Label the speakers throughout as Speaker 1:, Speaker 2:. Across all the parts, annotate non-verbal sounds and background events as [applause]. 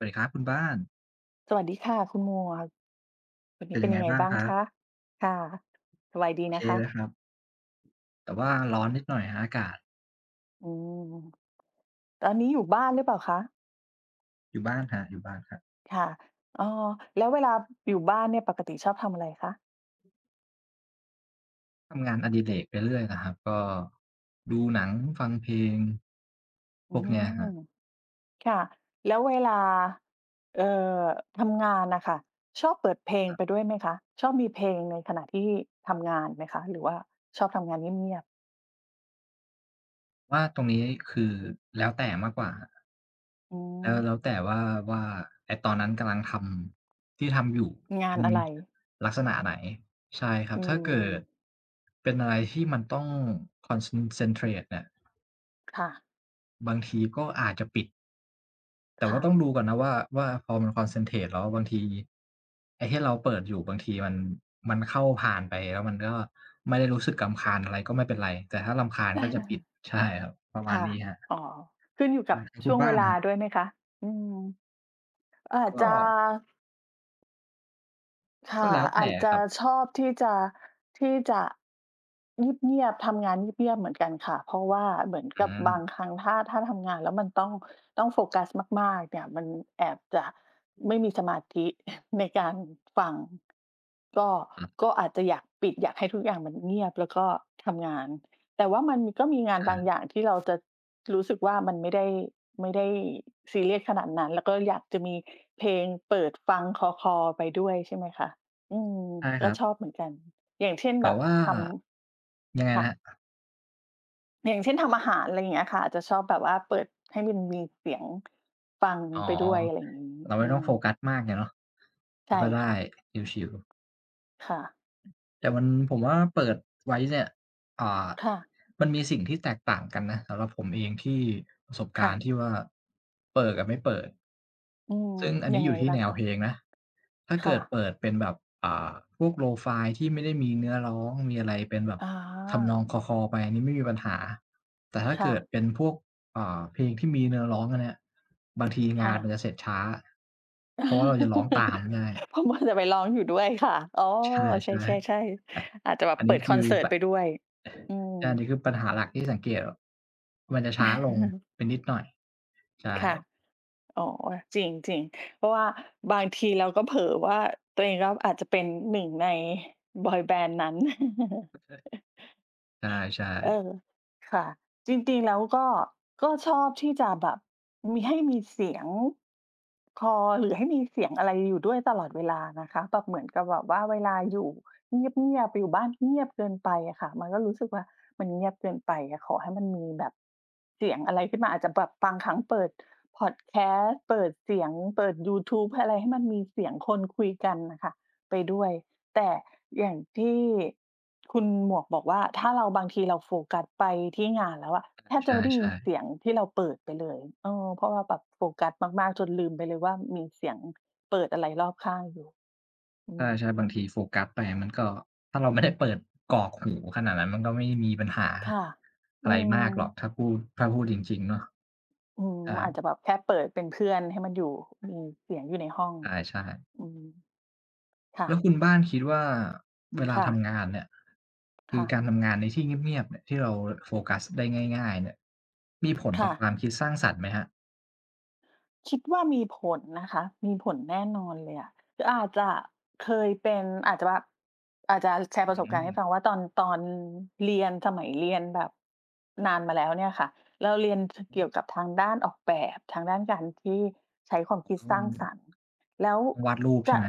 Speaker 1: สวัสดีครับคุณบ้าน
Speaker 2: สวัสดีค่ะคุณหมวก วันน
Speaker 1: เ
Speaker 2: ี
Speaker 1: ป
Speaker 2: ้
Speaker 1: ็น
Speaker 2: เป็
Speaker 1: ยั
Speaker 2: น
Speaker 1: งไ
Speaker 2: ย
Speaker 1: ง
Speaker 2: ังไง
Speaker 1: บ้าง
Speaker 2: บ้าง
Speaker 1: ครั
Speaker 2: ค
Speaker 1: บ?
Speaker 2: ะ? ค่ะ สบายดี
Speaker 1: โอ
Speaker 2: น
Speaker 1: เค
Speaker 2: ะค
Speaker 1: เล
Speaker 2: ะ?
Speaker 1: ยครับ แต่ว่าร้อนนิดหน่อยครับ อากาศ
Speaker 2: อืม ตอนนี้อยู่บ้านหรือเปล่าคะ?
Speaker 1: อยู่บ้านครับ อยู่บ้านครับ
Speaker 2: ค่ะ อา แล้วเวลาอยู่บ้านเนี่ยปกติชอบทำอะไรคะ?
Speaker 1: ทำงานอดิเรกไปเรื่อยนะครับ ก็ ดูหนัง ฟังเพลง
Speaker 2: อ
Speaker 1: พ
Speaker 2: ื
Speaker 1: วกเนี้ยค
Speaker 2: ม
Speaker 1: รับ
Speaker 2: ค่ะ แล้วเวลา เอ่อ ทำงานน่ะค่ะ ชอบเปิดเพลง
Speaker 1: ครับ
Speaker 2: ไปด้วยไหมคะ? ชอบมีเพลงในขณะที่ทำงานไหมคะ? หรือว่าชอบทำงานเงียบ ๆ
Speaker 1: ว่าตรงนี้ คือแล้วแต่มากกว่าครับ
Speaker 2: อื
Speaker 1: แล้ว แ
Speaker 2: ม
Speaker 1: ล้วแต่ว่า ว่า ไอ้ตอนนั้นกำลังทำ ที่ทำอยู่
Speaker 2: ง
Speaker 1: เ
Speaker 2: า
Speaker 1: ป็
Speaker 2: น
Speaker 1: น
Speaker 2: อะไร?
Speaker 1: ลักษณะไหน ใช่ครั
Speaker 2: อ
Speaker 1: บ
Speaker 2: ื
Speaker 1: ถ้าเกิ
Speaker 2: ม
Speaker 1: ด เป็นอะไรที่มันต้อง concen centrate เนี่ย
Speaker 2: ค่ะ
Speaker 1: บางทีก็อาจจะปิด แต่
Speaker 2: ค
Speaker 1: ว่
Speaker 2: ่
Speaker 1: าต
Speaker 2: ะ
Speaker 1: ้องดูก่อนนะว่า ว่าพอมัน concentrate แล้วบางที ไอ้ที่เราเปิดอยู่ บางทีมัน มันเข้าผ่านไป แล้วมันก็ไม่ได้รู้สึกรำคาญ อะไร ก็ไม่เป็นไร แต่ถ้ารำคาญก็จะปิด
Speaker 2: [chuckles]
Speaker 1: ใช่ครับ ประ
Speaker 2: ค
Speaker 1: มา
Speaker 2: ่
Speaker 1: ณ
Speaker 2: ะ
Speaker 1: นี้ครับ
Speaker 2: อ๋อ ขึ้นอยู่
Speaker 1: เอ
Speaker 2: กั
Speaker 1: อ
Speaker 2: บ
Speaker 1: แล้วค
Speaker 2: ช
Speaker 1: ุ
Speaker 2: ่
Speaker 1: ณ
Speaker 2: วง
Speaker 1: บ้
Speaker 2: เ
Speaker 1: า
Speaker 2: ว
Speaker 1: น
Speaker 2: ล
Speaker 1: น
Speaker 2: า
Speaker 1: ่ะครับ
Speaker 2: ด้วยไหมคะ? อืม อาจ
Speaker 1: ก
Speaker 2: จะ
Speaker 1: ็
Speaker 2: ค
Speaker 1: ก็
Speaker 2: ่ะ
Speaker 1: แล้วแ
Speaker 2: อ
Speaker 1: ต
Speaker 2: า
Speaker 1: ่
Speaker 2: จ
Speaker 1: อ
Speaker 2: จ
Speaker 1: ะค
Speaker 2: ะ
Speaker 1: รับ
Speaker 2: ชอบที่จะ ที่จะ เงียบ ๆ ทำงานเงียบ ๆ เหมือนกันค่ะ เพราะว่าเหมือน
Speaker 1: อื
Speaker 2: กับบา
Speaker 1: ม
Speaker 2: งครั้งถ้า ถ้าทำงานแล้วมันต้อง ต้องโฟกัสมากมากเนี่ยมันแอบจะไม่มีสมาธิ [chuckles] ในการฟัง ก็
Speaker 1: อะฮ
Speaker 2: ก
Speaker 1: ะ
Speaker 2: ็อาจจะอยากปิด อยากให้ทุกอย่างมันเงียบแล้วก็ทำงาน แต่ว่ามันก็มีงา
Speaker 1: ใช
Speaker 2: น
Speaker 1: ่
Speaker 2: บางอย่างที่เราจะรู้สึกว่ามันไม่ได้ ไม่ได้ซีเรียสขนาดนั้น แล้วก็อยากจะมีเพลงเปิดฟังคลอ ๆ ไปด้วย ใช่ไหมคะ อืม
Speaker 1: ใช่
Speaker 2: แ
Speaker 1: ค
Speaker 2: ล
Speaker 1: ร
Speaker 2: ้
Speaker 1: ั
Speaker 2: ว
Speaker 1: บ
Speaker 2: ชอบเหมือนกัน อย่างเช่น
Speaker 1: แต
Speaker 2: แ
Speaker 1: ่
Speaker 2: บบ
Speaker 1: ว่า
Speaker 2: ทำ
Speaker 1: ยังไง
Speaker 2: ค
Speaker 1: น
Speaker 2: ่ะ
Speaker 1: ะครับ?
Speaker 2: อย่างเช่นทำอาหาร อะไรอย่างเงี้ยค่ะ อาจจะชอบแบบว่า เปิดให้มันมีเสียงฟัง
Speaker 1: อ๋อ
Speaker 2: ไปด้วย อะไรอย่างงี้
Speaker 1: เราไ
Speaker 2: อื
Speaker 1: ม่ต้อง
Speaker 2: ม
Speaker 1: โฟกัสมากไงเนาะ
Speaker 2: ใช่
Speaker 1: ก็ได้
Speaker 2: ค่ะ
Speaker 1: ชิล ๆ
Speaker 2: ค่ะ
Speaker 1: แต่มัน ผมว่าเปิดไว้เนี่ย อ่า
Speaker 2: ค่ะ
Speaker 1: มันมีสิ่งที่แตกต่างกันนะ สำหรับผมเองที่ ประสบก
Speaker 2: ค
Speaker 1: า
Speaker 2: ่
Speaker 1: รณ
Speaker 2: ะ
Speaker 1: ์ที่ว่า เปิดกับไม่เปิด
Speaker 2: อืม
Speaker 1: ซึ่งอัน
Speaker 2: ย
Speaker 1: นี
Speaker 2: ั
Speaker 1: ้
Speaker 2: ง
Speaker 1: อย
Speaker 2: ไง
Speaker 1: ู่ที่
Speaker 2: บ้า
Speaker 1: แน
Speaker 2: ง
Speaker 1: ว
Speaker 2: คะ?
Speaker 1: เพลงนะ ถ้า
Speaker 2: ค
Speaker 1: เก
Speaker 2: ่
Speaker 1: ิด
Speaker 2: ะ
Speaker 1: เปิดเป็นแบบ อ่า พวก Lo-fi ที่ไม่ได้มีเนื้อร้อง มีอะไรเป็นแบบ
Speaker 2: อ
Speaker 1: ทำนอ
Speaker 2: า
Speaker 1: งคลอ ๆ ไปอันนี้ไม่มีปัญหา แต่ถ้า
Speaker 2: ค
Speaker 1: เ
Speaker 2: ่
Speaker 1: กิ
Speaker 2: ะ
Speaker 1: ดเป็นพวก อ่า เพลงที่มีเนื้อร้องอันเนี้ย บางทีง
Speaker 2: ค
Speaker 1: า
Speaker 2: ่
Speaker 1: นมั
Speaker 2: ะ
Speaker 1: นจะเสร็จช้า เพราะว่าเราจะร้องตาม
Speaker 2: [chuckles]
Speaker 1: ง่าย
Speaker 2: เพราะว่าจะไปร้องอยู่ด้วยค่ะ อ๋อ
Speaker 1: ใช่
Speaker 2: ใช่
Speaker 1: ๆ ไอ
Speaker 2: ๆ ๆ อาจจะแบ
Speaker 1: อ
Speaker 2: บ
Speaker 1: ัน
Speaker 2: เป
Speaker 1: นี
Speaker 2: ิ
Speaker 1: ้
Speaker 2: ด
Speaker 1: ค
Speaker 2: ค
Speaker 1: ือ
Speaker 2: อนเสิร์
Speaker 1: แ
Speaker 2: ต
Speaker 1: บ
Speaker 2: ไป
Speaker 1: บ
Speaker 2: ด้วย อื
Speaker 1: ใช่ อั
Speaker 2: ม
Speaker 1: นนี้คือปัญหาหลักที่สังเกต แบบมันจะช้าลง
Speaker 2: [chuckles]
Speaker 1: ไปนิดหน่อย ใช่
Speaker 2: ค่ะ อ๋อ จริง ๆ เพราะว่าบางทีเราก็เผลอว่า ตัวเองก็อาจจะเป็นหนึ่งในบอยแบนด์นั้น [chuckles]
Speaker 1: [unintelligible] ใช่
Speaker 2: เอ
Speaker 1: ๆ
Speaker 2: อ ค่ะ จริง ๆ แล้วก็ ก็ชอบที่จะแบบมี ให้มีเสียงคลอ หรือให้มีเสียงอะไรอยู่ด้วยตลอดเวลานะคะ แบบเหมือนกับแบบว่าเวลาอยู่เงียบ ๆ อยู่บ้านเงียบเกินไปอะค่ะ มันก็รู้สึกว่ามันเงียบเกินไปอะ ขอให้มันมีแบบเสียงอะไรขึ้นมา อาจจะแบบบางครั้งเปิดพอดแคสต์ เปิดเสียง เปิดยูทูปอะไรให้มันมีเสียงคนคุยกันน่ะค่ะไปด้วย แต่อย่างที่ คุณหมวกบอกว่า ถ้าเรา บางทีเราโฟกัสไปที่งานแล้วอะ แทบ
Speaker 1: ใ
Speaker 2: จะไม่ได้
Speaker 1: ช
Speaker 2: ยิน
Speaker 1: ่ ๆ
Speaker 2: เ
Speaker 1: ๆ
Speaker 2: สียงที่เราเปิดไปเลย เออ เพราะว่าแบบโฟกัสมาก ๆ จนลืมไปเลยว่า มีเสียงเปิดอะไรรอบข้างอยู่ อื
Speaker 1: ใ
Speaker 2: ม
Speaker 1: ช่ ๆ บางทีโฟกัสไปอะมันก็ ถ้าเราไม่ได้เปิดกรอกหูขนาดนั้น มันก็ไม่มีปัญหา
Speaker 2: ค่ะ
Speaker 1: อ
Speaker 2: อื
Speaker 1: ะไรมากหรอก
Speaker 2: ม
Speaker 1: ถ้าพูด ถ้าพูดจริง ๆ เนาะ
Speaker 2: อืม
Speaker 1: ใช่
Speaker 2: อาจจะแบบแค่เปิดเป็นเพื่อน ให้มันอยู่ มีเสียงอยู่ในห้อง
Speaker 1: ใช่ ๆ
Speaker 2: อืม ค่
Speaker 1: แล้ว
Speaker 2: ะ
Speaker 1: คุณบ้านคิดว่า เวลา
Speaker 2: ค่
Speaker 1: ท
Speaker 2: ะ
Speaker 1: ำงานเนี่ย ค
Speaker 2: ค
Speaker 1: ื
Speaker 2: ่
Speaker 1: อก
Speaker 2: ะ
Speaker 1: ารทำงานในที่เงียบ ๆ เนี่ย ที่เรา ร โฟกัสได้ง่าย ๆ เนี่ย มีผล
Speaker 2: ค
Speaker 1: ต
Speaker 2: ่
Speaker 1: ่อคว
Speaker 2: ะ
Speaker 1: ามคิดสร้างสรรค์ไหมครับ?
Speaker 2: คิดว่ามีผลนะคะ มีผลแน่นอนเลยอะ คืออาจจะเคยเป็น อาจจะแบบ อาจจะ เอ่อ แชร์
Speaker 1: อ
Speaker 2: ประ
Speaker 1: ื
Speaker 2: ส
Speaker 1: ้อ
Speaker 2: บ
Speaker 1: ฮ
Speaker 2: ก
Speaker 1: ื
Speaker 2: ารณ์ให้
Speaker 1: อ
Speaker 2: ฟังว่า ตอน ตอนเรียน สมัยเรียนแบบนานมาแล้วเนี่ยค่ะ เราเรียน ท
Speaker 1: อื
Speaker 2: เกี่
Speaker 1: อ
Speaker 2: ยวกับทางด้านออกแบบ ทางด้านการที่ใช้ความ
Speaker 1: ผ
Speaker 2: ค
Speaker 1: ม
Speaker 2: ิ
Speaker 1: ก
Speaker 2: ด
Speaker 1: ็ว
Speaker 2: ส
Speaker 1: ่
Speaker 2: ร
Speaker 1: า
Speaker 2: ้าง
Speaker 1: อยู
Speaker 2: ส
Speaker 1: ่
Speaker 2: รรค์ แล้ว
Speaker 1: วาดรูปใ
Speaker 2: จ
Speaker 1: ช่
Speaker 2: ะ
Speaker 1: ไหม?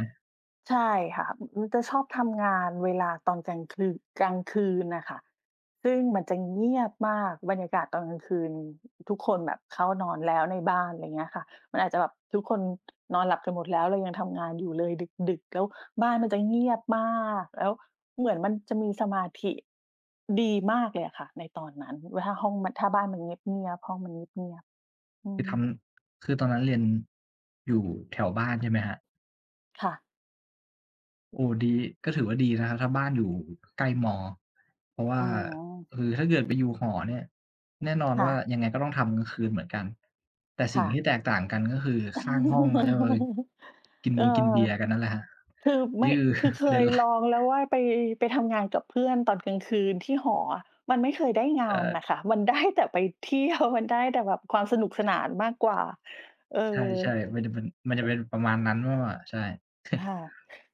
Speaker 2: ใช่ค่ะ อ อืม จะชอบทำงานเวลาตอนกลางคือ กลางคืนน่ะค่ะ ซึ่งมันจะเงียบมากบรรยากาศตอนกลางคืน ทุกคนแบบเข้านอนแล้วในบ้าน อะไรเงี้ยค่ะ มันอาจจะแบบทุกคน นอนหลับกันหมดแล้ว เรายังทำงานอยู่เลยดึก ๆ แล้วบ้านมันจะเงียบมาก แล้วเหมือนมันจะมีสมาธิดีมากเลยอะค่ะในตอนนั้น ว ห ห้องมัน ถ้าบ้านมันเงียบ ๆ ห้องมันเงียบ ๆ อื
Speaker 1: คือท
Speaker 2: ม
Speaker 1: ำ คือตอนนั้นเรียน อยู่แถวบ้านใช่ไหมครับ?
Speaker 2: ค่ะ
Speaker 1: โอ้! ดี ก็ถือว่าดีนะครับ ถ้าบ้านอยู่ใกล้ ม. เพราะว่
Speaker 2: อ
Speaker 1: า
Speaker 2: ือ
Speaker 1: คือถ้าเกิดไปอยู่หอเนี่ย แน่นอน
Speaker 2: ค่
Speaker 1: ว่า
Speaker 2: ะ
Speaker 1: ยังไงก็ต้องทำกลางคืนเหมือนกัน แต่
Speaker 2: ค
Speaker 1: สิ
Speaker 2: ่
Speaker 1: ่งที
Speaker 2: ะ
Speaker 1: ่แตกต่างกัน ก็คือ ส ข้างห้องอะแล้วเอย
Speaker 2: [chuckles]
Speaker 1: กิน
Speaker 2: เอ
Speaker 1: บ
Speaker 2: อ
Speaker 1: งกินเบียร์กันนั่นแหละครับ
Speaker 2: คือไ
Speaker 1: น
Speaker 2: ม
Speaker 1: ี
Speaker 2: ่
Speaker 1: ่คือ
Speaker 2: คือเ
Speaker 1: ป
Speaker 2: ค
Speaker 1: ระเด็
Speaker 2: ย
Speaker 1: นหลั
Speaker 2: ลอ
Speaker 1: ก
Speaker 2: งแล้วว่า ไป ไปทำงานกับเพื่อนตอนกลางคืนที่หออะ มันไม่เคยได้ง
Speaker 1: ใ
Speaker 2: า
Speaker 1: ช
Speaker 2: น
Speaker 1: ่
Speaker 2: น่ะค่ะ มัน ได้ แต่ไป เที่ยว มันได้แต่แบบความสนุกสนานมากกว่า เออ
Speaker 1: ใช่ ๆ มันจะเป็น มันจ
Speaker 2: ช
Speaker 1: ะเป็นประมาณนั้นมากกว่า ใช่ [chuckles]
Speaker 2: ค่ะ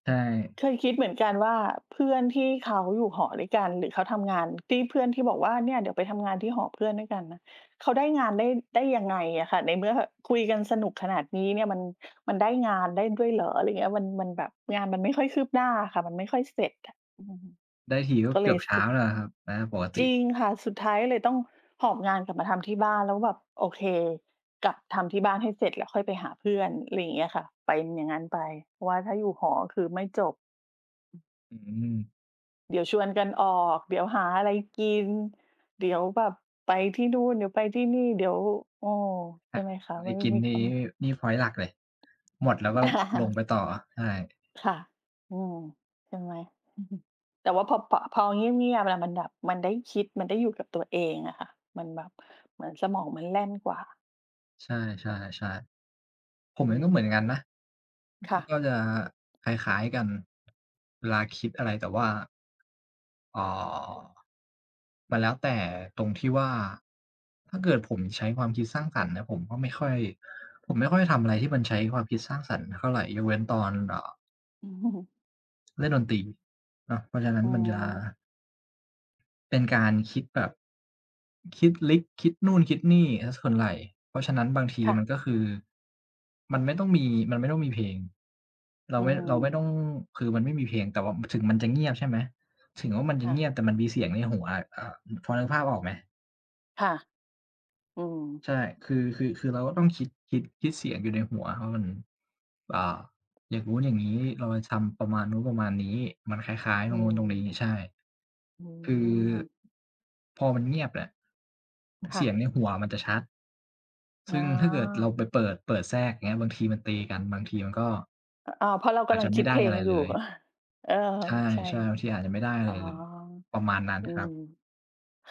Speaker 1: ใช่
Speaker 2: เคยคิดเหมือนกันว่า เพื่อนที่เขาอยู่หอด้วยกัน หรือเขาทำงาน ที่เพื่อนที่บอกว่า เนี่ยเดี๋ยวไปทำงานที่หอเพื่อนด้วยกันนะ เขาได้งานได้ ได้ยังไงอะค่ะ? ในเมื่อแบบคุยกันสนุกขนาดนี้เนี่ย มัน มันได้งานได้ด้วยเหรอ? อะไรเงี้ย มัน มันแบบงานมันไม่ค่อยคืบหน้าอะค่ะ มันไม่ค่อยเสร็จอะ อือ
Speaker 1: ได้ทีก็
Speaker 2: ก็เ
Speaker 1: เก
Speaker 2: ล
Speaker 1: ื
Speaker 2: ย
Speaker 1: อบ
Speaker 2: ร
Speaker 1: เ
Speaker 2: ู
Speaker 1: ช
Speaker 2: ้
Speaker 1: ้
Speaker 2: สึ
Speaker 1: า
Speaker 2: ก
Speaker 1: แล้วแหละครับ นะครับปกต
Speaker 2: จ
Speaker 1: ิ
Speaker 2: ริงค่ะ สุดท้ายก็เลยต้องหอบงานกลับมาทำที่บ้าน แล้วแบบ โอเค กลับทำที่บ้านให้เสร็จ แล้วค่อยไปหาเพื่อน อะไรอย่างเงี้ยค่ะ เป็นอย่างงั้นไป เพราะว่าถ้าอยู่หออะ คือไม่จบ
Speaker 1: อืม
Speaker 2: เดี๋ยวชวนกันออก เดี๋ยวหาอะไรกิน เดี๋ยวแบบไปที่นู่น เดี๋ยวไปที่นี่ เดี๋ยว เออ ใ
Speaker 1: ห
Speaker 2: ช่
Speaker 1: า
Speaker 2: ไหมคะ
Speaker 1: อะไร
Speaker 2: มันไม
Speaker 1: ก
Speaker 2: ่
Speaker 1: ิน
Speaker 2: มี
Speaker 1: ดีน
Speaker 2: คน
Speaker 1: ี่ นี่พ็อยนต์หลักเลย หมดแล้วก็ลงไ
Speaker 2: [laughs]
Speaker 1: ปต่อ ใช่
Speaker 2: ค่ะ อืม ใช่ไหม [chuckles] แต่ว่าพอบ เพ่าะ พอเงียบ ๆ แล้วมันแบบ มันได้คิด มันได้อยู่กับตัวเองอะค่ะ มันแบบ เหมือนสมองมันแล่นกว่า
Speaker 1: ใช่ ๆ ๆ ผม
Speaker 2: อื
Speaker 1: เองก็เหมือ
Speaker 2: ม
Speaker 1: นกันนะ
Speaker 2: ค่ะ
Speaker 1: ก็จะคล้าย ๆ กัน เวลาคิดอะไร แต่ว่า อ๋อ มันแล้วแต่ตรงที่ว่า ถ้าเกิดผมใช้ความคิดสร้างสรรค์นะ ผมก็ไม่ค่อย ผมไม่ค่อยทำอะไรที่มันใช้ความคิดสร้างสรรค์เท่าไร ยกเว้นตอน อ่า
Speaker 2: [chuckles]
Speaker 1: เล่นดนตรีเนาะ เพราะฉะนั้
Speaker 2: อ
Speaker 1: น
Speaker 2: ๋อ
Speaker 1: มันจะ เป็นการคิดแบบ คิดลึกคิดนู่นคิดนี่เสียส่วนไหล่ เพราะฉะนั้นบางที
Speaker 2: ค่
Speaker 1: มั
Speaker 2: ะ
Speaker 1: นก็คือ มันไม่ต้องมี มันไม่ต้องมีเพลง เรา
Speaker 2: อื
Speaker 1: ไม่ เราไม่ต
Speaker 2: ม
Speaker 1: ้อง คือมันไม่มีเพลง แต่ว่า ม ถึงมันจะเงียบ ใช่ไหม ถึงว่ามันจ
Speaker 2: ค
Speaker 1: ะ
Speaker 2: ่
Speaker 1: เงี
Speaker 2: ะ
Speaker 1: ยบ แต่มันมีเสียงในหัวอะ อ่า อ พอนึกภาพออกไหม?
Speaker 2: ค่ะ อืม
Speaker 1: ใช่ คือ คือ คือเราก็ต้องคิด คิด คิดเสียงอยู่ในหัวว่ามัน อ่า อย่างนู้นอย่างงี้ เราจะทำประมาณนู้นประมาณนี้ มันคล้าย ๆ
Speaker 2: อ
Speaker 1: ต
Speaker 2: ื
Speaker 1: รงนู้นตรงนี้
Speaker 2: ม
Speaker 1: ใช่
Speaker 2: อื
Speaker 1: คือ
Speaker 2: ม
Speaker 1: พอมันเงียบเนี่ย
Speaker 2: ค
Speaker 1: เส
Speaker 2: ่
Speaker 1: ีย
Speaker 2: ะ
Speaker 1: งในหัวมันจะชัด
Speaker 2: อ
Speaker 1: ซ
Speaker 2: ๋
Speaker 1: ึ่งถ้าเกิดเรา
Speaker 2: อ
Speaker 1: ไปเปิด เปิดแทรก อย่างเงี้ย บางทีมันตีกัน บางทีมันก็
Speaker 2: อ อ๋อ เพราะเรา
Speaker 1: อ
Speaker 2: ก
Speaker 1: า
Speaker 2: ำ
Speaker 1: จ
Speaker 2: ล
Speaker 1: จ
Speaker 2: ั
Speaker 1: ะ
Speaker 2: ง
Speaker 1: ไ
Speaker 2: ค
Speaker 1: ม่
Speaker 2: ิด
Speaker 1: ไ
Speaker 2: เ
Speaker 1: ด้
Speaker 2: พล
Speaker 1: อะไ
Speaker 2: ง
Speaker 1: ร
Speaker 2: อย
Speaker 1: เ
Speaker 2: ู่
Speaker 1: ลย
Speaker 2: ก [chuckles] เออ
Speaker 1: ใช่
Speaker 2: ใช่
Speaker 1: ๆ บางทีอาจจะไม่ได้เ
Speaker 2: อ
Speaker 1: ล
Speaker 2: ๋อ
Speaker 1: ย ประมาณนั้น
Speaker 2: อื
Speaker 1: ครั
Speaker 2: ม
Speaker 1: บ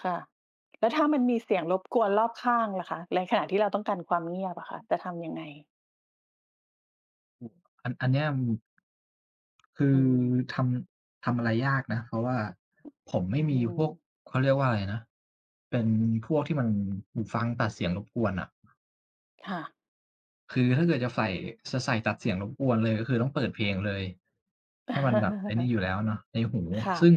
Speaker 2: ค่ะ แล้วถ้ามันมีเสียงรบกวนรอบข้างล่ะคะ ในขณะที่เราต้องการความเงียบอะค่ะ จะทำยังไง?
Speaker 1: อืม อัน อันเนี้ย อืม คื
Speaker 2: อื
Speaker 1: อ
Speaker 2: ม
Speaker 1: ทำ ทำอะไรยากนะ เพราะว่าผม
Speaker 2: อ
Speaker 1: ไ
Speaker 2: ื
Speaker 1: ม
Speaker 2: ้
Speaker 1: ่
Speaker 2: อ
Speaker 1: ม
Speaker 2: ฮ
Speaker 1: ี
Speaker 2: ื
Speaker 1: พวก
Speaker 2: อ
Speaker 1: เขาเรียกว่าอะไรนะ เป็นพวกที่มัน หูฟังตัดเสียงรบกวนน่ะ
Speaker 2: ค่ะ
Speaker 1: คือถ้าเกิดจะใส่ จะใส่ตัดเสียงรบกวนเลย ก็คือต้องเปิดเพลงเลย ให้มันแบบไอ้นี่อยู่
Speaker 2: [chuckles]
Speaker 1: แล้วเนาะ ในหู
Speaker 2: ค่
Speaker 1: ซึ
Speaker 2: ะ
Speaker 1: ่ง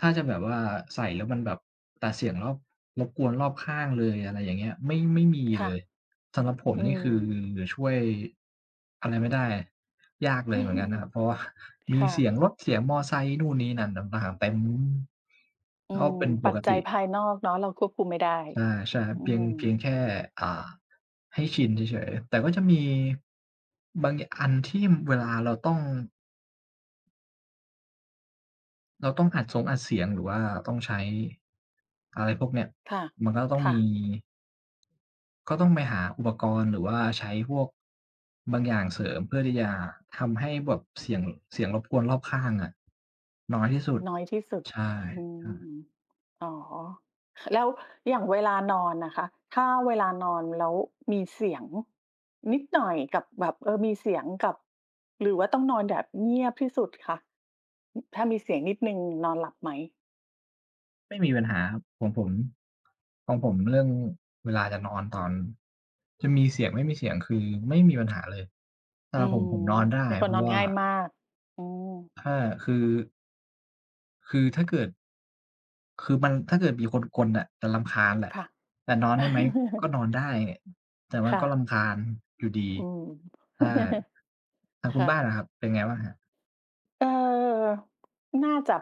Speaker 1: ถ้าจะแบบว่าใส่แล้วมันแบบตัดเสียงรอบ รบกวนรอบข้างเลย อะไรอย่างเงี้ย ไม่ ไม่มี
Speaker 2: ค
Speaker 1: เ
Speaker 2: ่ะ
Speaker 1: ลย สำหรับผม
Speaker 2: อื
Speaker 1: นี่ คือ
Speaker 2: ม
Speaker 1: ช่วย อะไรไม่ได้ ยากเลยเหมือนกันครับ เพ
Speaker 2: [chuckles]
Speaker 1: ราะว่าม
Speaker 2: ค
Speaker 1: ี
Speaker 2: ่
Speaker 1: เสีย
Speaker 2: ะ
Speaker 1: งรถ เสียงมอไซค์ นู่นนี่นั่นต่าง ๆ เต็ม
Speaker 2: อื
Speaker 1: ก็
Speaker 2: ม
Speaker 1: เป็นป
Speaker 2: ปั
Speaker 1: ก
Speaker 2: จจ
Speaker 1: ต
Speaker 2: ัย
Speaker 1: ิ
Speaker 2: ภายนอกเนาะ เราควบคุมไม่ได้
Speaker 1: ใช่
Speaker 2: อื
Speaker 1: ๆ เพียง เพีย
Speaker 2: ม
Speaker 1: งแค่ อ่า ให้ชินเฉย ๆ แต่ก็จะมี บาง ย อันที่ อ เวลาเราต้อง เราต้องอัดสงอัดเสียง หรือว่าต้องใช้ อะไรพวกเนี้ย
Speaker 2: ค่ะ
Speaker 1: มันก็ต้อง
Speaker 2: ค่
Speaker 1: มี
Speaker 2: ะ
Speaker 1: ก็ต้องไปหาอุปกรณ์ หรือว่าใช้พวกบางอย่างเสริมเพื่อที่จะทำให้แบบเสียง เสียงรบกวนรอบข้างอะ น้อยที่สุด
Speaker 2: น้อยที่สุด
Speaker 1: ใช่
Speaker 2: อื
Speaker 1: ครับ
Speaker 2: ม อ๋อ แล้วอย่างเวลานอนนะคะ ถ้าเวลานอนแล้วมีเสียงนิดหน่อย กับแบบ เออ มีเสียงกับ หรือว่าต้องนอนแบบเงียบที่สุดคะ ถ้ามีเสียงนิดหนึ่งนอนหลับไหม?
Speaker 1: ไม่มีปัญหาครับ ของผม ของผมเรื่องเวลาจะนอนตอน จะมีเสียงไม่มีเสียงคือไม่มีปัญหาเลย สำ
Speaker 2: อื
Speaker 1: หรับผ
Speaker 2: อ
Speaker 1: ม ผมนอนได้
Speaker 2: เป็นค
Speaker 1: เ
Speaker 2: น
Speaker 1: พรา
Speaker 2: นอ
Speaker 1: ะ
Speaker 2: น
Speaker 1: ว่า
Speaker 2: ง่ายมาก อือ
Speaker 1: ถ้าคือ คือถ้าเกิด คือมัน ถ้าเกิดมีคนกรนน่ะจะรำคาญแหละ
Speaker 2: ค่ะ
Speaker 1: แต่นอนได้ไหม? ก็
Speaker 2: [chuckles]
Speaker 1: นอนได้ แต่มั
Speaker 2: ค
Speaker 1: น
Speaker 2: ่
Speaker 1: ก็ร
Speaker 2: ะ
Speaker 1: ำคาญอยู่ดี
Speaker 2: อืม
Speaker 1: ใช่
Speaker 2: [chuckles]
Speaker 1: ทางค
Speaker 2: ค
Speaker 1: ุณ
Speaker 2: ่
Speaker 1: บ้าน
Speaker 2: ะ
Speaker 1: ล่ะครับ เป็นไงบ้างครับ?
Speaker 2: เออ น่าจะ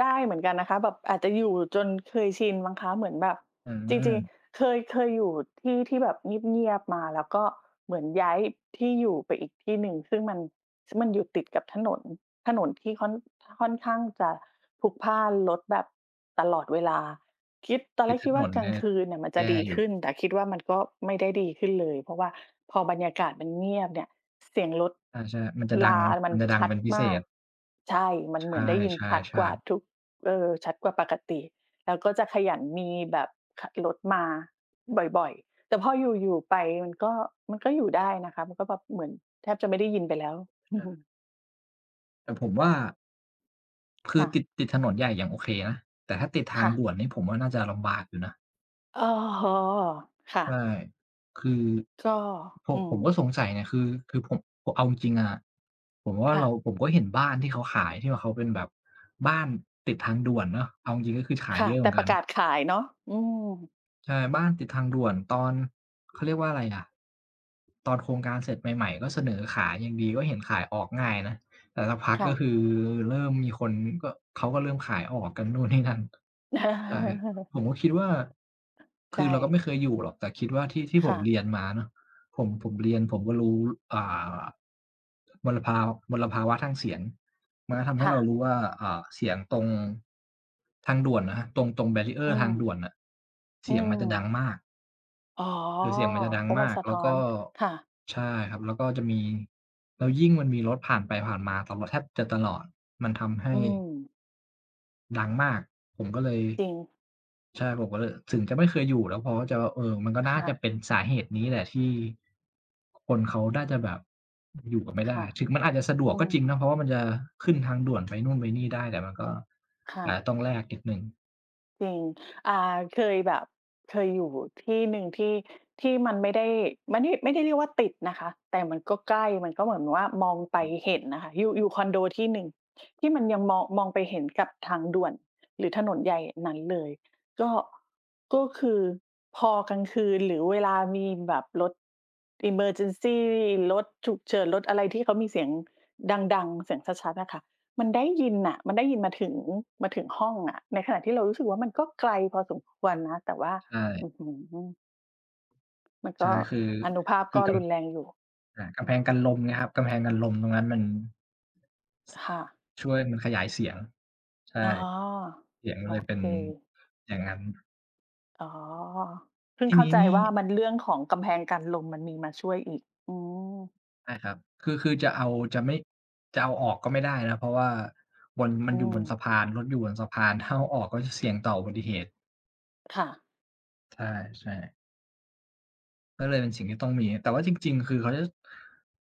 Speaker 2: ได้เหมือนกันนะคะ แบบอาจจะอยู่จนเคยชินมั้งคะ เหมือนแบบ
Speaker 1: อื
Speaker 2: จริง
Speaker 1: ม
Speaker 2: ๆ เคย เคยอยู่ที่ที่แบบเงียบ ๆ มา แล้วก็เหมือนย้ายที่อยู่ไปอีกที่หนึ่ง ซึ่งมัน ซึ่งมันอยู่ติดกับถนน ถนนที่ค่อน ค่อนข้างจะพลุกพล่านรถแบบ ตลอดเวลา คิด ตอน
Speaker 1: ต
Speaker 2: แร
Speaker 1: ิด
Speaker 2: ก
Speaker 1: ถ
Speaker 2: คิดว
Speaker 1: น
Speaker 2: ่า
Speaker 1: น
Speaker 2: กล
Speaker 1: เน
Speaker 2: า
Speaker 1: ี
Speaker 2: ง
Speaker 1: ่ย
Speaker 2: คืนเนี่ยมันจ
Speaker 1: แย
Speaker 2: ะ
Speaker 1: ่
Speaker 2: ดี
Speaker 1: อย
Speaker 2: ข
Speaker 1: ู่
Speaker 2: ึ้น แต่คิดว่า มันก็ไม่ได้ดีขึ้นเลย เพราะว่าพอบรรยากาศมันเงียบเนี่ย เสียงรถ
Speaker 1: อา ใช่ครับ มันจะดั
Speaker 2: ร
Speaker 1: ง
Speaker 2: ามั
Speaker 1: มั
Speaker 2: น
Speaker 1: นจะดั
Speaker 2: ช
Speaker 1: ง
Speaker 2: ั
Speaker 1: เป
Speaker 2: ด
Speaker 1: ็นพิเ
Speaker 2: ม
Speaker 1: ศ
Speaker 2: าก
Speaker 1: ษ
Speaker 2: ใช่ มั
Speaker 1: ใ
Speaker 2: นเห
Speaker 1: ช
Speaker 2: มือนได้ยินชัด
Speaker 1: ่
Speaker 2: กว่า
Speaker 1: ๆ ๆ
Speaker 2: ทุก เออ ชัดกว่าปกติ แล้วก็จะขยันมีแบบ ค รถมาบ่อย ๆ แต่พออยู่ ๆ ไปมันก็ มันก็อยู่ได้นะคะ มันก็แบบเหมือนแทบจะไม่ได้ยินไปแล้ว
Speaker 1: ใช่
Speaker 2: [chuckles]
Speaker 1: แต่ผมว่า คื
Speaker 2: ค
Speaker 1: อ
Speaker 2: ่ะ
Speaker 1: ติด ติดถนนใหญ่ยังโอเคนะ แต่ถ้าติดท
Speaker 2: ค
Speaker 1: าง
Speaker 2: ่
Speaker 1: ด
Speaker 2: ะ
Speaker 1: ่วนนี้ผมว่าน่าจะลำบากอยู่นะ
Speaker 2: อ๋อ ค่
Speaker 1: ใช
Speaker 2: ะ
Speaker 1: ่ คือ
Speaker 2: ก็
Speaker 1: ผ
Speaker 2: อ
Speaker 1: ม
Speaker 2: ื
Speaker 1: ผม
Speaker 2: ม
Speaker 1: ก็สงสัยเนี่ยคือ คือผม ผมเอาจริง ๆ อะ ผมว่า
Speaker 2: ค่
Speaker 1: เรา
Speaker 2: ะ
Speaker 1: ผมก็เห็นบ้านที่เขาขาย ที่ว่าเขาเป็นแบบบ้านติดทางด่วนเนาะ เอาจริง ๆ ก็คือขาย
Speaker 2: ค
Speaker 1: เ
Speaker 2: ่
Speaker 1: ย
Speaker 2: ะ
Speaker 1: อะเ
Speaker 2: แ
Speaker 1: ห
Speaker 2: ต
Speaker 1: มื
Speaker 2: ่
Speaker 1: อน
Speaker 2: ป
Speaker 1: กั
Speaker 2: ระ
Speaker 1: น
Speaker 2: กาศขายเนาะ อืม
Speaker 1: ใช่ บ้านติดทางด่วนตอน เขาเรียกว่าอะไรอะ ตอนโครงการเสร็จใหม่ ๆ ก็เสนอขายยังดี ก็เห็นขายออกง่ายนะ แต่สักพัก
Speaker 2: ค่
Speaker 1: ก็
Speaker 2: ะ
Speaker 1: คือเริ่มมีคน ก็ เขาก็เริ่มขายออกกัน นู่นนี่นั่น ใช่
Speaker 2: [chuckles]
Speaker 1: ผมก็คิดว่า
Speaker 2: ใ
Speaker 1: ค
Speaker 2: ช
Speaker 1: ือเราก็
Speaker 2: ่
Speaker 1: ไม่เคยอยู่หรอก แต่คิดว่าที่ ที่
Speaker 2: ค
Speaker 1: ผ
Speaker 2: ่
Speaker 1: มเ
Speaker 2: ะ
Speaker 1: รียนมาเนาะ ผม ผมเรียนผมก็รู้ อ่า มลภา มลภาวะทางเสียง มันก็ทำให
Speaker 2: ค
Speaker 1: ้
Speaker 2: ่
Speaker 1: เรา
Speaker 2: ะ
Speaker 1: รู้ว่า เอ่อ เสียงตรง ทางด่วนนะครับ ตรง ตรง
Speaker 2: อื
Speaker 1: barrier ทาง
Speaker 2: ม
Speaker 1: ด่วนน่ะ เ
Speaker 2: อ
Speaker 1: ส
Speaker 2: ื
Speaker 1: ียงมันจะดั
Speaker 2: ม
Speaker 1: งมาก
Speaker 2: อ๋อ
Speaker 1: คือเสียงมันจะดั
Speaker 2: เพ
Speaker 1: ง
Speaker 2: ราะ
Speaker 1: ม
Speaker 2: มัน
Speaker 1: าก
Speaker 2: สะ
Speaker 1: แ
Speaker 2: ท
Speaker 1: ล้
Speaker 2: ้
Speaker 1: ว
Speaker 2: อ
Speaker 1: ก็
Speaker 2: น ค่ะ
Speaker 1: ใช่ครับ แล้วก็จะมี แล้วยิ่งมันมีรถผ่านไปผ่านมาตลอ แทบจะตลอด มันทำให
Speaker 2: อ
Speaker 1: ้
Speaker 2: ืม
Speaker 1: ดังมาก ผมก็เลย
Speaker 2: จริง
Speaker 1: ใช่ผมก็เลย ถึงจะไม่เคยอยู่แล้ว เพราะว่าจะแบบ เออ มันก็
Speaker 2: ค
Speaker 1: น่า
Speaker 2: ่
Speaker 1: จ
Speaker 2: ะ
Speaker 1: ะเป็นสาเหตุนี้แหละที่ คนเขาน่าจะแบบอยู่กันไม่
Speaker 2: ค
Speaker 1: ได้
Speaker 2: ่ะ
Speaker 1: ถึงมันอาจจะสะด
Speaker 2: อื
Speaker 1: วกก็
Speaker 2: ม
Speaker 1: จริงเนาะ เพราะว่ามันจะขึ้นทางด่วนไปนู่นไปนี่ได้ แต่มันก็
Speaker 2: ค่
Speaker 1: อา
Speaker 2: ะ
Speaker 1: จจะต้องแลกนิดหนึ่ง
Speaker 2: จริง อ่า เคยแบบ เคยอยู่ที่หนึ่งที่ ที่มันไม่ได้ มานี่ ไม่ได้เรียกว่าติดนะคะ แต่มันก็ใกล้มันก็เหมือนว่ามองไป
Speaker 1: อืม
Speaker 2: เห็นน่ะค่ะ อยู่ อยู่คอนโดที่หนึ่ง ที่มันยังมอง มองไปเห็นกับทางด่วนหรือถนนใหญ่นั้นเลย ก็ ก็คือพอกลางคืนหรือเวลามีแบบรถ emergency รถฉุกเฉิน รถอะไรที่เขามีเสียงดัง ๆ เสียงชัด ๆ น่ะค่ะ มันได้ยินน่ะ มันได้ยินมาถึง มาถึงห้องอะ ในขณะที่เรารู้สึกว่า มันก็ไกลพอสมควรนะ แต่ว่า
Speaker 1: ใช่
Speaker 2: อื้อฮือ มัน
Speaker 1: ใช
Speaker 2: ก
Speaker 1: ่
Speaker 2: ็
Speaker 1: คือ
Speaker 2: อานุภาพ
Speaker 1: คื
Speaker 2: ก
Speaker 1: อ
Speaker 2: ็
Speaker 1: กั
Speaker 2: ร
Speaker 1: น
Speaker 2: ุนแรงอยู่
Speaker 1: อ่า กำแพงกันลมไงครับ กำแพงกันลมตรงนั้นมัน
Speaker 2: ค่ะ
Speaker 1: ช่วย มันขยายเสียง ใช่
Speaker 2: อ๋อ
Speaker 1: เสียง
Speaker 2: โ
Speaker 1: มั
Speaker 2: อ
Speaker 1: นเลยเป
Speaker 2: เ
Speaker 1: ็
Speaker 2: ค
Speaker 1: นอย่างงั้น
Speaker 2: อ๋อ เพิ่
Speaker 1: ท
Speaker 2: ง
Speaker 1: ี่
Speaker 2: เข
Speaker 1: น
Speaker 2: ้า
Speaker 1: ี้
Speaker 2: ใจ
Speaker 1: นี่
Speaker 2: ว่า มัน เรื่องของกำแพงกันลม มันมีมาช่วยอีก อืม
Speaker 1: ใช่ครับ คือ คือจะเอา จะไม่ จะเอาออกก็ไม่ได้แล้ว เพราะว่าบน มั
Speaker 2: อ
Speaker 1: น
Speaker 2: ื
Speaker 1: อยู่บนสะ
Speaker 2: ม
Speaker 1: พาน รถอยู่บนสะพาน ถ้าเอาออกก็จะเสี่ยงต่ออุบัติเหตุ
Speaker 2: ค่ะ
Speaker 1: ใช่ ๆ ก็เลยเป็นสิ่งที่ต้องมีครับ แต่ว่าจริง ๆ คือเขาจะ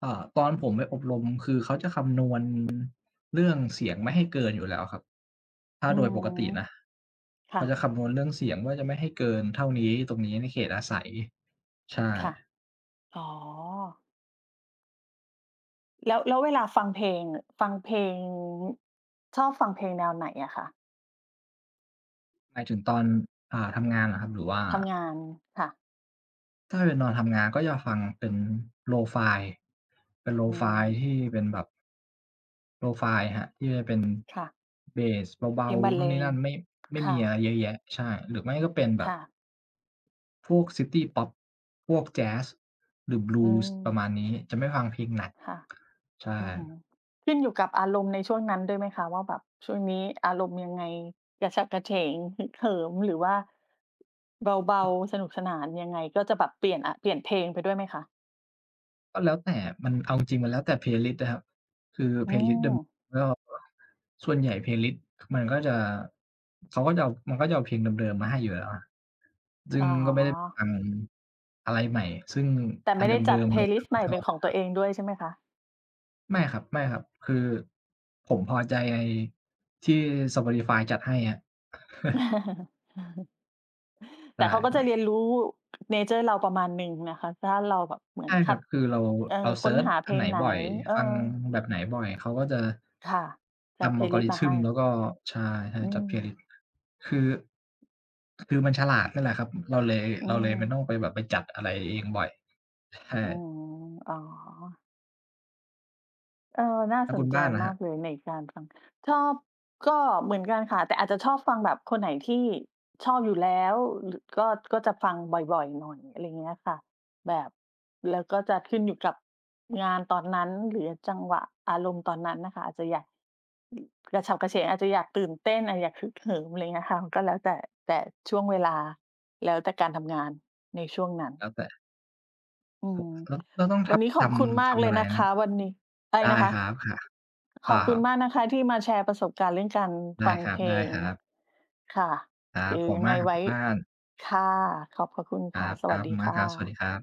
Speaker 1: เอ่อ ตอนผมไปอบรมคือเขาจะคำนวณ เรื่องเสียงไม่ให้เกินอยู่แล้วครับ ถ้า
Speaker 2: อื
Speaker 1: โดย
Speaker 2: ม
Speaker 1: ปกตินะ
Speaker 2: ค
Speaker 1: เ
Speaker 2: ่
Speaker 1: ขาจ
Speaker 2: ะ
Speaker 1: ะคำนวณเรื่องเสียงว่า จะไม่ให้เกินเท่านี้ ตรงนี้ ในเขตอาศัย ใช่
Speaker 2: ค่ะ อ๋อ แล้ว แล้วเวลาฟังเพลง เง่อะ ฟังเพลง ชอบฟังเพลงแนวไหนอะคะ?
Speaker 1: หมายถึงตอน อ่า ทำงานเหรอครับ? หรือว่า
Speaker 2: ทำงาน ค่ะ
Speaker 1: ถ้าเป็นตอนทำงานก็จะฟังเป็น Lo-fi เป็น
Speaker 2: อื
Speaker 1: Lo-fi
Speaker 2: ม
Speaker 1: ที่เป็นแบบ Lo-fi อะครับ ที่มันเป็น
Speaker 2: ค่ะ
Speaker 1: เบสเบ
Speaker 2: เพ
Speaker 1: า
Speaker 2: ลงบรร
Speaker 1: ๆ น
Speaker 2: เ
Speaker 1: ู่
Speaker 2: ล
Speaker 1: นนี่
Speaker 2: ง
Speaker 1: นั่น ไม่ ไม่
Speaker 2: ค่
Speaker 1: มีอะ
Speaker 2: ะ
Speaker 1: ไรเยอะแยะ ใช่ หรือไม่ก็เป็นแบ
Speaker 2: ค
Speaker 1: บ
Speaker 2: ่ะ
Speaker 1: พวกซิตีพอป พวกแจ๊ส หรือ
Speaker 2: อื
Speaker 1: Blues ปร
Speaker 2: ม
Speaker 1: ะมาณนี้ จะไม่ฟังเพลงหนัก
Speaker 2: ค่ะ
Speaker 1: ใช่
Speaker 2: อือฮึ ขึ้นอยู่กับอารมณ์ในช่วงนั้นด้วยไหมคะ? ว่า แบบช่วงนี้อารมณ์ยังไง? กระฉับกระเฉง ฮึกเหิม หรือว่า เบา
Speaker 1: [unintelligible]
Speaker 2: ๆ สนุกสนาน ยังไงก็จะแบบเปลี่ยน อะ เปลี่ยนเพลงไปด้วยไหมคะ?
Speaker 1: ก็แล้วแต่อะ มัน เอาจริง ๆ มันแล้วแต่ Playlist อะครับ คือ
Speaker 2: อ๋
Speaker 1: Playlist เดิม
Speaker 2: อ
Speaker 1: ก็ ส่วนใหญ่ Playlist มันก็จะ เขาก็จะเอา มันก็จะเอาเพลงเดิม ๆ มาให้อยู่แล้วอะ ซึ่
Speaker 2: อ๋
Speaker 1: งก็ไม่ได้
Speaker 2: อ
Speaker 1: ฟังอะไรใหม่ ซึ่ง
Speaker 2: แต่
Speaker 1: อ
Speaker 2: ไ
Speaker 1: ั
Speaker 2: ม
Speaker 1: น
Speaker 2: ่
Speaker 1: เ
Speaker 2: ได้จ
Speaker 1: ดิ
Speaker 2: ัด
Speaker 1: ม ๆ เรา เรา
Speaker 2: Playlist ใ
Speaker 1: ก็
Speaker 2: หม่
Speaker 1: ช
Speaker 2: เ
Speaker 1: อ
Speaker 2: ป็
Speaker 1: บ
Speaker 2: น
Speaker 1: อ
Speaker 2: ข
Speaker 1: ยู
Speaker 2: อ
Speaker 1: ่
Speaker 2: ง
Speaker 1: แล
Speaker 2: ต
Speaker 1: ้
Speaker 2: ัว
Speaker 1: ว
Speaker 2: เองด้วยใช่ไหมคะ?
Speaker 1: ไม่ครับ ๆ คือผมพอใจไอ้ที่ Sportify จัดให้ครับ [chuckles]
Speaker 2: [chuckles]
Speaker 1: ใ
Speaker 2: แ
Speaker 1: ช
Speaker 2: ต่เขาก็จ
Speaker 1: ่
Speaker 2: ะเร
Speaker 1: ๆ
Speaker 2: ียนรู้ เนเชอร์ เราประมาณหนึ่งนะคะ ถ้าเราแบบเหมื
Speaker 1: ใ
Speaker 2: อ
Speaker 1: ช
Speaker 2: น
Speaker 1: ่
Speaker 2: ค
Speaker 1: คร
Speaker 2: ั
Speaker 1: ับ
Speaker 2: ด
Speaker 1: คือเรา
Speaker 2: เอ่อ
Speaker 1: เราเ
Speaker 2: ค
Speaker 1: ซิ
Speaker 2: ้น
Speaker 1: ร์ช
Speaker 2: หาเพ
Speaker 1: อัน
Speaker 2: ล
Speaker 1: ไหน
Speaker 2: งไหน?
Speaker 1: บ่อย
Speaker 2: เออ
Speaker 1: ฟังแบบไหนบ่อย เขาก็จะ
Speaker 2: ค่ะ จ
Speaker 1: ท
Speaker 2: ัด
Speaker 1: ำ
Speaker 2: Playlist มาให
Speaker 1: Algorithm
Speaker 2: ้
Speaker 1: แล้วก็ ใช่ ให้
Speaker 2: อื
Speaker 1: จัด Playlist
Speaker 2: ม
Speaker 1: คือ คือมันฉลาดนั่นแหละครับ อือ เราเลย
Speaker 2: อื
Speaker 1: เราเลยไม่
Speaker 2: ม
Speaker 1: ต้องไปแบบไปจัดอะไรเองบ่อย ใช่
Speaker 2: อืม อ๋อ เออ น่า
Speaker 1: แล้ว
Speaker 2: ส
Speaker 1: คุ
Speaker 2: น
Speaker 1: ณ
Speaker 2: ใ
Speaker 1: บ
Speaker 2: จ
Speaker 1: ้านล่ะ
Speaker 2: ม
Speaker 1: ครั
Speaker 2: า
Speaker 1: บ?
Speaker 2: กเลยในการฟัง ชอบ ก็เหมือนกันค่ะ แต่อาจจะชอบฟังแบบคนไหนที่ชอบอยู่แล้ว ร ก็ ก็จะฟังบ่อย ๆ หน่อย อะไรเงี้ยค่ะ แบบ แล้วก็จะขึ้นอยู่กับงานตอนนั้น หรือ ย จังหวะอารมณ์ตอนนั้นน่ะค่ะ อาจจะอยาก กระฉับกระเฉง อาจจะอยากตื่นเต้น อะ อยากฮึกเหิม ไรเงี้ยค่ะ มันก็แล้วแต่ แต่ช่วงเวลา แล้วแต่การทำงานในช่วงนั้น
Speaker 1: แล้วแต่
Speaker 2: อื
Speaker 1: โผ
Speaker 2: ม
Speaker 1: ะ สะก๊อ ก็ต้องท
Speaker 2: วั
Speaker 1: ั
Speaker 2: น
Speaker 1: บ
Speaker 2: นี้ข
Speaker 1: ท
Speaker 2: อบคุณม
Speaker 1: ำ ท
Speaker 2: ากเล
Speaker 1: ำอ
Speaker 2: ย
Speaker 1: ะไร
Speaker 2: นะ
Speaker 1: น
Speaker 2: ค
Speaker 1: ะ?
Speaker 2: ะ วันนี้ อะไร
Speaker 1: ได
Speaker 2: น
Speaker 1: ้
Speaker 2: ะคะ?
Speaker 1: ครับ ค่ะ เ
Speaker 2: ข
Speaker 1: ป
Speaker 2: อ
Speaker 1: ล
Speaker 2: บ
Speaker 1: ่
Speaker 2: คุณม
Speaker 1: า
Speaker 2: ากนะคะที่มาแชร์ประสบการณ์เรื่องการ
Speaker 1: ได
Speaker 2: ฟ
Speaker 1: ้
Speaker 2: ัง
Speaker 1: คร
Speaker 2: เ
Speaker 1: ั
Speaker 2: พลง
Speaker 1: บ ๆ
Speaker 2: ค่ะ
Speaker 1: ครั
Speaker 2: หร
Speaker 1: บ
Speaker 2: ือ
Speaker 1: ขอบ
Speaker 2: ย
Speaker 1: คุ
Speaker 2: ั
Speaker 1: ณ
Speaker 2: ง
Speaker 1: ม
Speaker 2: ไง
Speaker 1: ากครับ
Speaker 2: ไว
Speaker 1: ค
Speaker 2: ้
Speaker 1: ุณบ้าน
Speaker 2: ค่ะ ขอบพระคุณ
Speaker 1: ค
Speaker 2: ค
Speaker 1: ร
Speaker 2: ่ะ
Speaker 1: ับ
Speaker 2: ส
Speaker 1: ๆ ข
Speaker 2: วั
Speaker 1: อ
Speaker 2: ส
Speaker 1: บ
Speaker 2: ดี
Speaker 1: คุณม
Speaker 2: ค
Speaker 1: าก
Speaker 2: ่
Speaker 1: ครับ สวัส
Speaker 2: ะ
Speaker 1: ดีครับ